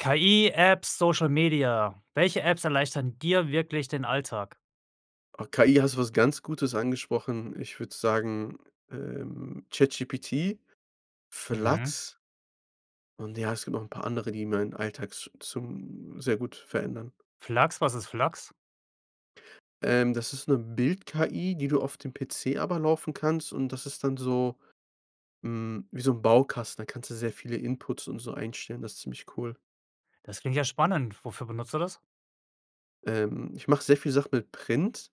KI-Apps, Social Media, welche Apps erleichtern dir wirklich den Alltag? Oh, KI, hast du was ganz Gutes angesprochen. Ich würde sagen, ähm, ChatGPT, Mhm. Flux. Und ja, es gibt noch 'n paar andere, die meinen Alltag zu zum sehr gut verändern. Flux, was ist Flux? Ähm, das ist 'ne Bild-KI, die du auf dem PC aber laufen kannst und das ist dann so hm, wie so 'n Baukasten. Da kannst du sehr viele Inputs und so einstellen. Das ist ziemlich cool. Das klingt ja spannend. Wofür benutzt du das? Ähm, ich mache sehr viel Sachen mit Print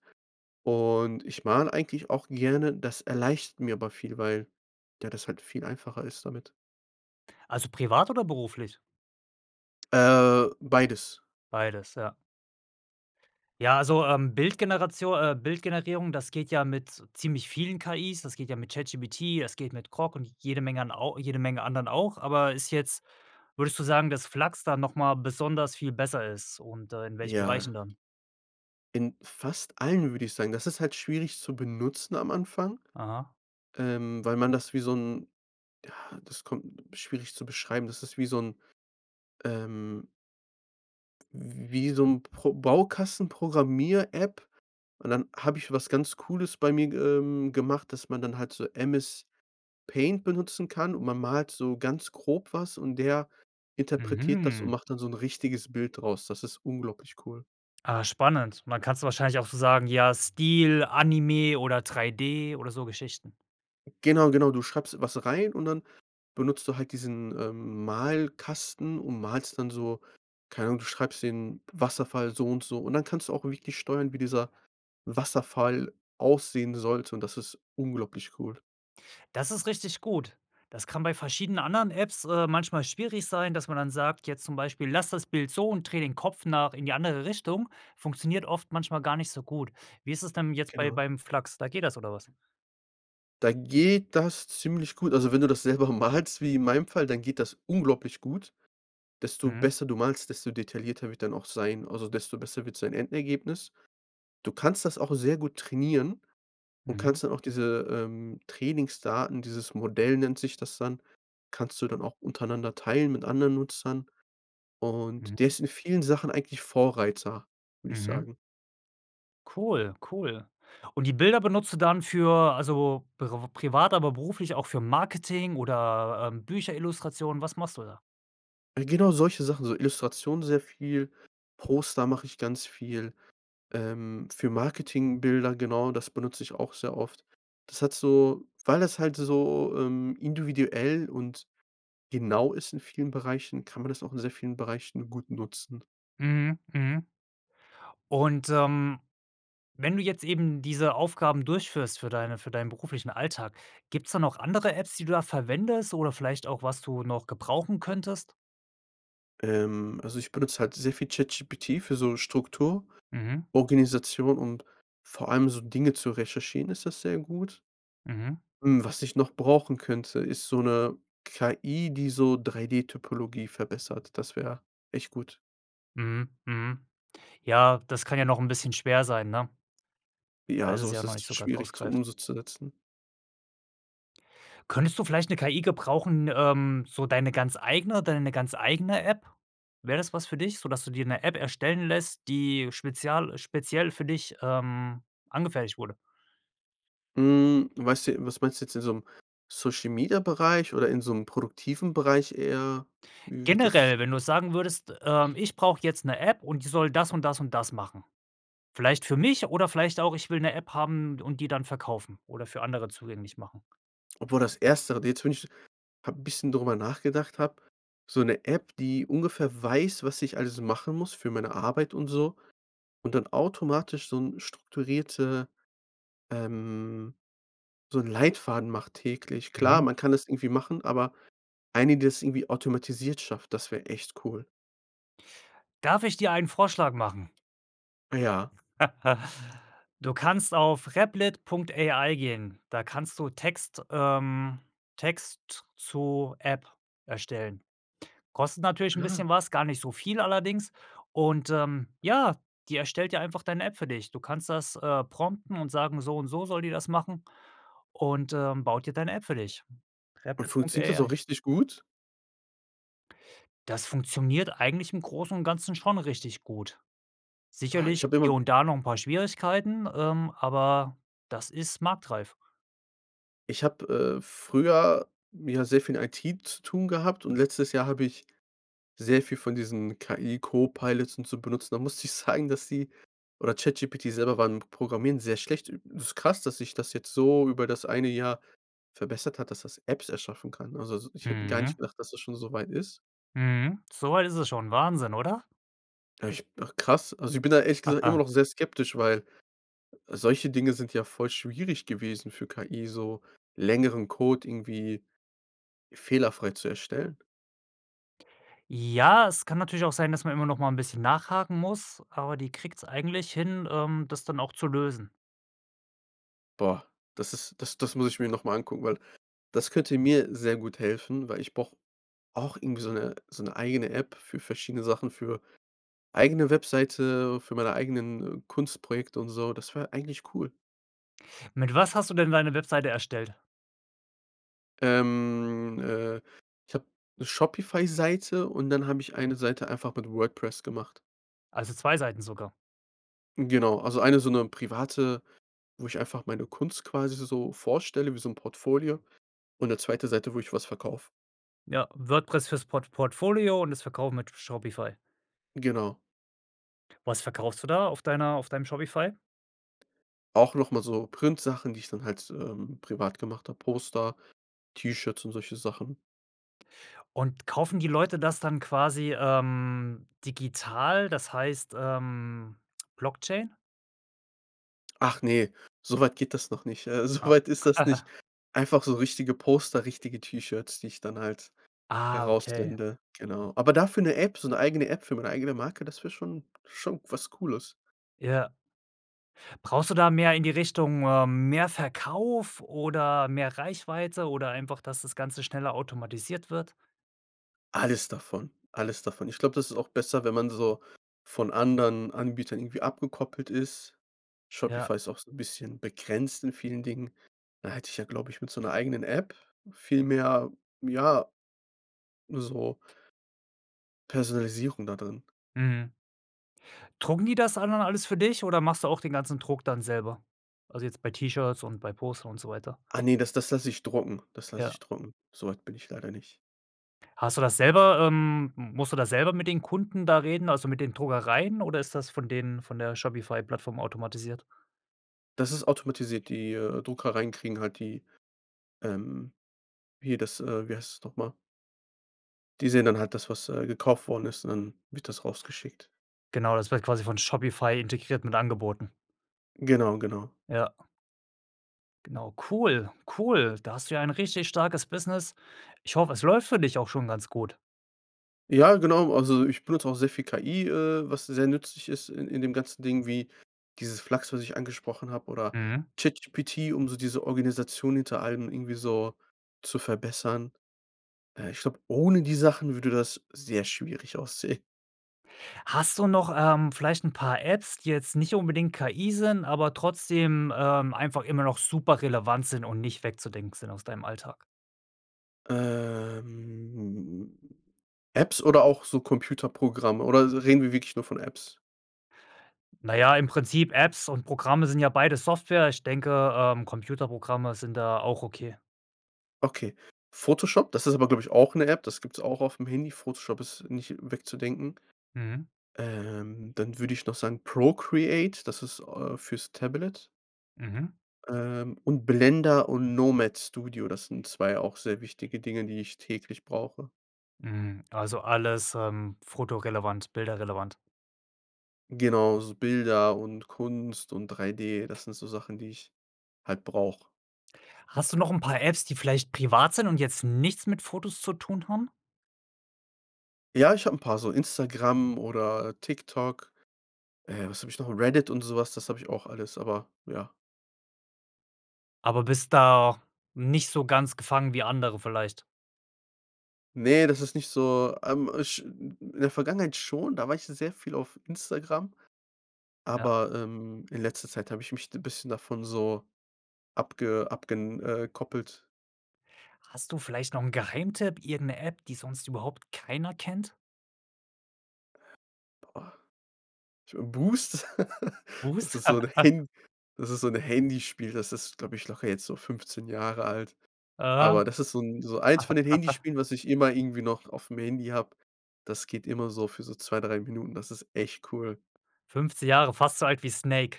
und ich male eigentlich auch gerne. Das erleichtert mir aber viel, weil, ja, das halt viel einfacher ist damit. Also, privat oder beruflich? Äh, beides. Beides, ja. Ja, also, ähm, Bildgeneratio äh, Bildgenerierung, das geht ja mit ziemlich vielen KIs. Das geht ja mit ChatGPT, es geht mit Grok und jede Menge an au jede Menge anderen auch. Aber ist jetzt würdest du sagen, dass Flux da noch mal besonders viel besser ist und, äh, in welchen Bereichen Ja. dann? In fast allen, würde ich sagen. Das ist halt schwierig zu benutzen am Anfang, Aha. ähm, weil man das wie so 'n ja, das kommt schwierig zu beschreiben, das ist wie so 'n, ähm w wie so 'n Pro Baukasten-Programmier-App. Und dann habe ich was ganz Cooles bei mir, g ähm, gemacht, dass man dann halt so MS-Paint benutzen kann und man malt so ganz grob was und der interpretiert das und Mhm. macht dann so 'n richtiges Bild draus. Das ist unglaublich cool. Ah, spannend. Man kann's wahrscheinlich auch so sagen: „Ja Stil, Anime oder 3D“ oder so Geschichten. Genau, genau. Du schreibst was rein und dann benutzt du halt diesen, ähm, Malkasten und malst dann so keine Ahnung, du schreibst den Wasserfall so und so. Und dann kannst du auch wirklich nicht steuern, wie dieser Wasserfall aussehen sollte und das ist unglaublich cool. Das ist richtig gut. Das kann bei verschiedenen anderen Apps, äh, manchmal schwierig sein, dass man dann sagt, jetzt zum Beispiel: „Lass das Bild so und dreh den Kopf nach in die andere Richtung.“ Funktioniert oft manchmal gar nicht so gut. Wie ist es denn jetzt bei Genau. beim Flux, da geht das oder was? Da geht das ziemlich gut. Also, wenn du das selber malst wie in meinem Fall, dann geht das unglaublich gut. Desto Mhm. besser du malst, desto detaillierter wird er dann auch sein, also, desto besser wird sein Endergebnis. Du kannst das auch sehr gut trainieren und Mhm. kannst dann auch diese, ähm, Trainingsdaten, dieses Modell nennt sich das dann, kannst du dann auch untereinander teilen mit anderen Nutzern. Und der Mhm. ist in vielen Sachen eigentlich Vorreiter, würde ich Mhm. sagen. Cool, cool. Und die Bilder benutzt du dann für also, priv privat, aber beruflich auch für Marketing oder, ähm, Bücherillustration. Was machst du da? Genau solche Sachen, so Illustration sehr viel. Poster mache ich ganz viel, ähm, für Marketingbilder, genau, das benutze ich auch sehr oft. Das hat so weil das halt so, ähm, individuell und genau ist in vielen Bereichen, kann man das auch in sehr vielen Bereichen gut nutzen. Mhm, mhm. Und, ähm, wenn du jetzt eben diese Aufgaben durchführst für deine für deinen beruflichen Alltag, gibt's da noch andere Apps, die du verwendest oder vielleicht auch, was du noch gebrauchen könntest? Ähm. Also, ich benutze halt sehr viel ChatGPT für so Struktur, Mhm. Organisation und vor allem so Dinge zu recherchieren ist das sehr gut. Mhm. Hm, was ich noch brauchen könnte, ist so 'ne KI, die so 3D-Typologie verbessert. Das wäre echt gut. Mhm, mhm. Ja, das kann ja noch 'n bisschen schwer sein, ne? Weil Ja, das ist ja sowas noch ist nicht so ganz schwierig, zu um ausgereift. so zu setzen. Könntest du vielleicht 'ne KI gebrauchen, ähm so deine ganz eigene deine ganz eigene App? Wäre das was für dich, sodass du dir 'ne App erstellen lässt, die spezial speziell für dich, ähm, angefertigt wurde? Hm, meinst du was meinst du jetzt? In so 'm Social-Media-Bereich oder in so 'm produktiven Bereich eher? Wie wird das Generell, wenn du sagen würdest: „,Ähm, ich brauch jetzt 'ne App, und die soll das und das und das machen.“ Vielleicht für mich oder vielleicht auch: „Ich will 'ne App haben und die dann verkaufen oder für andere zugänglich machen.“ Obwohl das erstere, jetzt wenn ich so habe 'n bisschen drüber nachgedacht habe. So 'ne App, die ungefähr weiß, was ich alles machen muss für meine Arbeit und so und dann automatisch so 'n strukturierte ähm, so 'n Leitfaden macht täglich. Klar, Mhm. man kann das irgendwie machen, aber eine, die das irgendwie automatisiert schafft, das wäre echt cool. Darf ich dir einen Vorschlag machen? Ja. Du kannst auf Replit.ai gehen. Da kannst du Text, ähm Text z zu App erstellen. Kostet natürlich ‘n [unintelligible] bisschen was, gar nicht so viel allerdings ,und, ähm, ja, die erstellt dir einfach deine App für dich. Du kannst das, äh, prompten und sagen so und so soll die das machen, und äh, baut dir deine App für dich. Und funktioniert das auch Replit.ai. richtig gut? Das funktioniert eigentlich im Großen und Ganzen schon richtig gut. Oh. Sicherlich Ich habe immer hier und da noch ‘n paar Schwierigkeiten, ähm, aber das ist marktreif. Ich habe, äh, früher mit, ja, sehr viel IT zu tun gehabt, und letztes Jahr habe ich sehr viel von diesen KI Co-Pilots und so benutzt. Und da musste ich sagen, dass die oder ChatGPT selber war im Programmieren sehr schlecht. Ü das ist krass, dass sich das jetzt so über das eine Jahr verbessert hat, dass das Apps erschaffen kann. Also, so ich hätte gar nicht Mhm. gedacht, dass das schon so weit ist. Mhm. So weit ist es schon. Wahnsinn, oder? Echt? Ach krass. Also, ich bin da ehrlich gesagt immer noch sehr skeptisch, weil solche Dinge sind ja voll schwierig gewesen für KI, so längeren Code irgendwie fehlerfrei zu erstellen. Ja, es kann natürlich auch sein, dass man immer noch mal ‘n bisschen nachhaken muss, aber die kriegt's eigentlich hin, ähm, das dann auch zu lösen. Boah, das ist das das muss ich mir noch mal angucken, weil das könnte mir sehr gut helfen, weil ich brauche auch irgendwie so ‘ne so ‘ne eigene App für verschiedene Sachen, für eigene Webseite, für meine eigenen, äh, Kunstprojekte und so. Das wäre eigentlich cool. Mit was hast du denn deine Webseite erstellt? Ähm, äh, ich habe ‘ne Shopify-Seite und dann habe ich eine Seite einfach mit WordPress gemacht. Also 2 Seiten sogar. Genau, also eine so ‘ne private, wo ich einfach meine Kunst quasi so vorstelle, wie so ‘n Portfolio und ‘ne zweite Seite, wo ich was verkaufe. Ja, WordPress für‘s Port Portfolio und das Verkaufen mit Shopify? Genau. Was verkaufst du da auf deiner auf deinem Shopify? Auch noch mal so Printsachen, die ich dann halt s ähm, privat gemacht habe, Poster, T-Shirts und solche Sachen. Und kaufen die Leute das dann quasi, ähm, digital, das heißt, ähm, Blockchain? Ach ne, so weit geht das noch nicht. Äh, so Ah. weit ist das nicht. Einfach so richtige Poster, richtige T-Shirts, die ich dann halt Ah, heraus okay. sende. Genau. Aber dafür 'ne App, so 'ne eigene App für meine eigene Marke, das wäre schon schon was Cooles. Ja. Brauchst du da mehr in die Richtung, ähm, mehr Verkauf oder mehr Reichweite oder einfach, dass das Ganze schneller automatisiert wird? Alles davon, alles davon. Ich glaube, das ist auch besser, wenn man so von anderen Anbietern irgendwie abgekoppelt ist. Ja. Shopify ist auch so 'n bisschen begrenzt in vielen Dingen. Da hätte ich ja, glaube ich, mit so 'ner eigenen App viel mehr ja, ne, so Personalisierung da drin. Mhm. Drucken die das da dann alles für dich, oder machst du auch den ganzen Druck dann selber? Also jetzt bei T-Shirts und bei Poster und so weiter. Ah, ne, das das lasse ich drucken, das lasse ich Ja. drucken. So weit bin ich leider nicht. Hast du das selber, ähm musst du das selber mit den Kunden da reden, also, mit den Druckereien oder ist das von denen von der Shopify-Plattform automatisiert? Das ist automatisiert. Die, äh, Druckereien kriegen halt die, ähm hier das, äh wie heißt das noch mal? Die sehen dann halt das, was, äh, gekauft worden ist und dann wird das rausgeschickt. Genau, das wird quasi von Shopify integriert mit Angeboten. Genau, genau. Ja. Genau. Cool, cool. Da hast du ja ein richtig starkes Business. Ich hoffe, es läuft für dich auch schon ganz gut. Ja, genau. Also, ich benutze auch sehr viel KI, äh, was sehr nützlich ist in in dem ganzen Ding, wie dieses Flux, was ich angesprochen habe oder Mhm. ChatGPT, um so diese Organisation hinter allem irgendwie so zu verbessern. Äh, ich glaube, ohne die Sachen würde das sehr schwierig aussehen. Hast du noch, ähm, vielleicht 'n paar Apps, die jetzt nicht unbedingt KI sind, aber trotzdem, ähm, einfach immer noch super relevant sind und nicht wegzudenken sind aus deinem Alltag? Ähm, Apps oder auch so Computerprogramme oder reden wir wirklich nur von Apps? Na ja, im Prinzip, Apps und Programme sind ja beides Software. Ich denke, ähm, Computerprogramme sind da auch okay. Okay. Photoshop, das ist aber, glaube ich, auch 'ne App. Das gibt's auch auf'm Handy. Photoshop ist nicht wegzudenken. Mhm. Ähm, dann würde ich noch sagen Procreate, das ist, äh, fürs Tablet. Mhm. Ähm, und Blender und Nomad Studio. Das sind 2 auch sehr wichtige Dinge, die ich täglich brauche. Mhm, also, alles, ähm, fotorelevant, bilderrelevant. Genau, so Bilder und Kunst und 3D, das sind so Sachen, die ich halt brauche. Hast du noch 'n paar Apps, die vielleicht privat sind und jetzt nichts mit Fotos zu tun haben? Ja, ich habe 'n paar, so Instagram oder, äh, TikTok. Äh, was habe ich noch? Reddit und so was, das habe ich auch alles, aber, ja. Aber bist da nicht so ganz gefangen wie andere vielleicht? Ne, das ist nicht so, ähm, ich in der Vergangenheit schon, da war ich sehr viel auf Instagram. Ja. Aber, ähm, in letzter Zeit habe ich mich d bisschen davon so abge abgen äh, koppelt. Hast du vielleicht noch 'n Geheimtipp? Irgend'ne App, die sonst überhaupt keiner kennt? Boah, äh, Boost, das Boost? ist so 'n Han das ist so 'n Handyspiel. Das ist, glaube ich, locker jetzt so 15 Jahre alt. Aha. Aber das ist so 'n so eins von den Handyspielen, was ich immer irgendwie noch auf'm Handy habe. Das geht immer so für so 2, 3 Minuten, das ist echt cool. 15 Jahre, fast so alt wie Snake.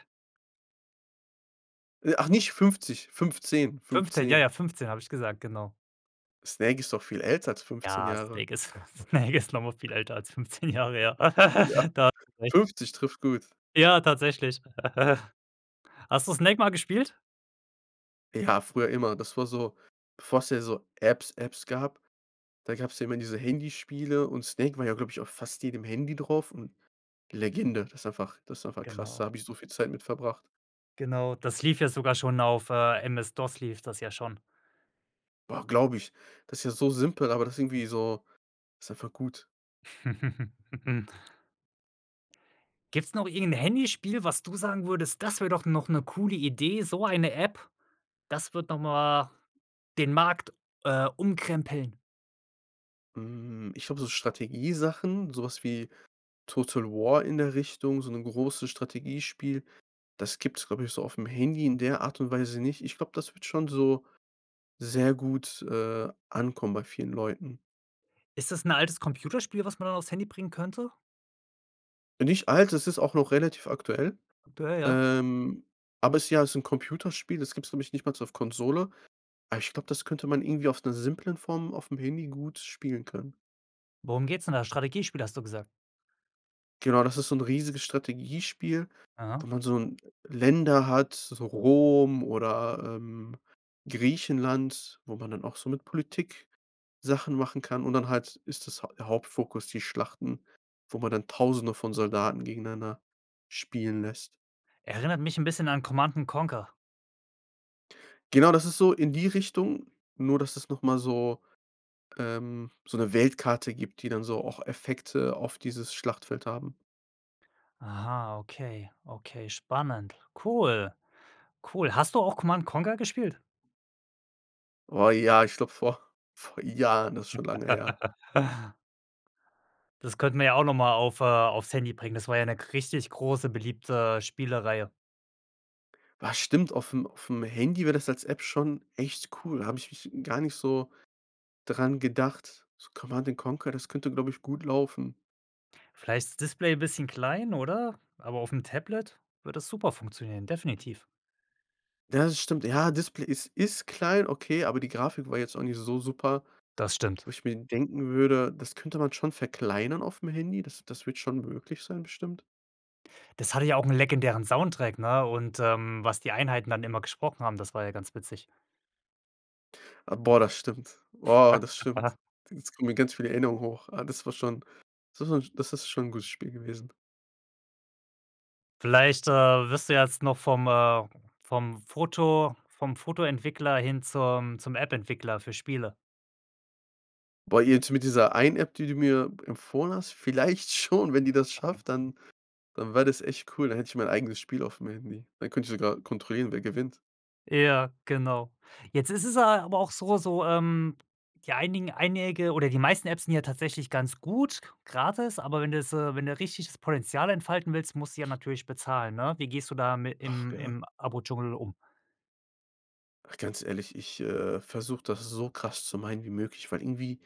Äh, ach, nicht 50, 15, 15, ja, 15. ja, 15 habe ich gesagt, genau. Snake ist doch viel älter als 15 Ja, Jahre. Snake ist Snake ist noch mal viel älter als 15 Jahre her. Ja, Da hast du recht. 50 trifft gut. Ja, tatsächlich. Hast du Snake mal gespielt? Ja, früher immer. Das war so, bevor's ja so Apps Apps gab, da gab's ja immer diese Handyspiele. Und Snake war ja, glaube ich, auf fast jedem Handy drauf und Legende. Das ist einfach das ist einfach krass. Da Genau. habe ich so viel Zeit mit verbracht. Genau, das lief ja sogar schon auf äh, MS-DOS lief das ja schon. Boah, glaube ich. Das ist ja so simpel, aber das irgendwie so ist einfach gut. Gibt's noch irgend 'n Handyspiel, was du sagen würdest: Das wäre doch noch 'ne coole Idee so eine App, das wird noch mal den Markt, äh, umkrempeln? Hm, ich glaube, so Strategiesachen, so was wie Total War in der Richtung, so 'ne große Strategiespiel. Das gibt's, glaube ich, so aufm Handy in der Art und Weise nicht. Ich glaube, das würd schon so sehr gut, äh, ankommen bei vielen Leuten. Ist das 'n altes Computerspiel, was man da auf's Handy bringen könnte? Äh, nicht alt, es ist auch noch relativ aktuell. Aktuell, ja? Ähm, aber ist ja, ist 'n Computerspiel, das gibt's glaube ich nicht mal auf Konsole. Aber ich glaube, das könnte man irgendwie auf 'ner simplen Form aufm Handy gut spielen können. Worum geht's denn da? Strategiespiel, hast du gesagt. Genau, das ist so 'n riesiges Strategiespiel, wo Ah. man so 'n Länder hat, so Rom oder, ähm, Griechenland. Wo man dann auch so mit Politik Sachen machen kann. Und dann halt ist das der Hauptfokus die Schlachten, wo man dann tausende von Soldaten gegeneinander spielen lässt. Erinnert mich 'n bisschen an Command& Conquer. Genau, das ist so in die Richtung, nur dass es noch mal so, ähm so 'ne Weltkarte gibt, die dann so auch Effekte auf dieses Schlachtfeld haben. Aha, okay, okay, spannend, cool, cool. Hast du auch Command& Conquer gespielt? Oh ja, ich glaube, vor vor Jahren ist schon lange her. Das könnten wir ja auch noch mal auf, äh auf's Handy bringen. Das war ja 'ne g richtig große beliebte Spielereihe. Ah stimmt, aufm aufm Handy wäre das als App schon echt cool. Habe ich mich gar nicht so daran gedacht. So Command& Conquer, das könnte, glaube ich, gut laufen. Vielleicht ist das Display 'n bisschen klein oder? Aber aufm Tablet würde das super funktionieren, definitiv. Ja, das stimmt. Ja, Display ist ist klein, okay, aber die Grafik war jetzt auch nicht so super, Das stimmt. wo ich mir denken würde, das könnte man schon verkleinern aufm Handy. Das das wird schon möglich sein, bestimmt. Das hatte ja auch 'n legendären Soundtrack, ne? Und, ähm, was die Einheiten dann immer gesprochen haben, das war ja ganz witzig. Boah, das stimmt. Boah, das stimmt. Jetzt kommen mir ganz viel Erinnerungen hoch. Ah, das war schon, das wa das ist schon 'n gutes Spiel gewesen. Vielleicht, äh, wirst du jetzt noch vom, äh vom Foto vom Fotoentwickler hin zum zum Appentwickler für Spiele. Boah, jetzt mit dieser einen App, die du mir empfohlen hast, vielleicht schon. Wenn die das schafft, dann dann wäre das echt cool, dann hätte ich mein eigenes Spiel auf'm Handy. Dann könnte ich sogar kontrollieren, wer gewinnt. Ja, genau. Jetzt ist es, äh, aber auch so so ähm, die einigen einige oder die meisten Apps sind ja tatsächlich ganz gut gratis, aber wenn du jetzt, äh wenn du richtig das Potenzial entfalten willst, musst du ja natürlich bezahlen, ne? Wie gehst du dami Ach, im ja. im Abo Dschungel um? Ach, ganz ehrlich, ich, äh, versuche das so krass zu meiden wie möglich, weil irgendwie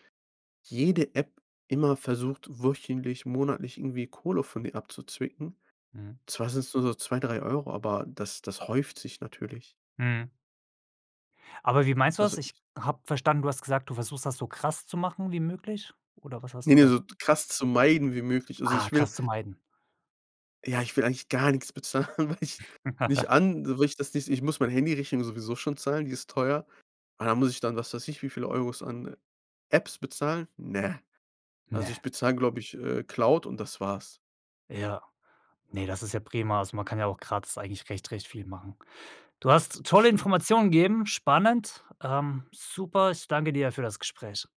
jede App immer versucht, wöchentlich, monatlich irgendwie Kohle von mir abzuzwicken. Mhm. Zwar sind's nur so 2, 3 Euro, aber das das häuft sich natürlich. Mhm. Aber wie meinst du Also, das? Ich i habe verstanden, du hast gesagt, du versuchst das so krass zu machen wie möglich oder was hast Ne, du ne, da g so krass zu meiden wie möglich. Also, Ah, ich will krass zu meiden. Ja, ich will eigentlich gar nichts bezahlen, weil ich nicht an weil ich das nicht ich muss meine Handyrechnung sowieso schon zahlen, die ist teuer. Aber dann muss ich dann, was weiß ich wie viele Euros, an Apps bezahlen? Ne, also, ich Ne. bezahl, glaube ich, äh, Cloud und das war's. Ja. Ne, das ist ja prima. Also, man kann ja auch gratis eigentlich recht recht viel machen. Du hast Das tolle stimmt. Informationen gegeben, spannend. Ähm, super, ich danke dir für das Gespräch.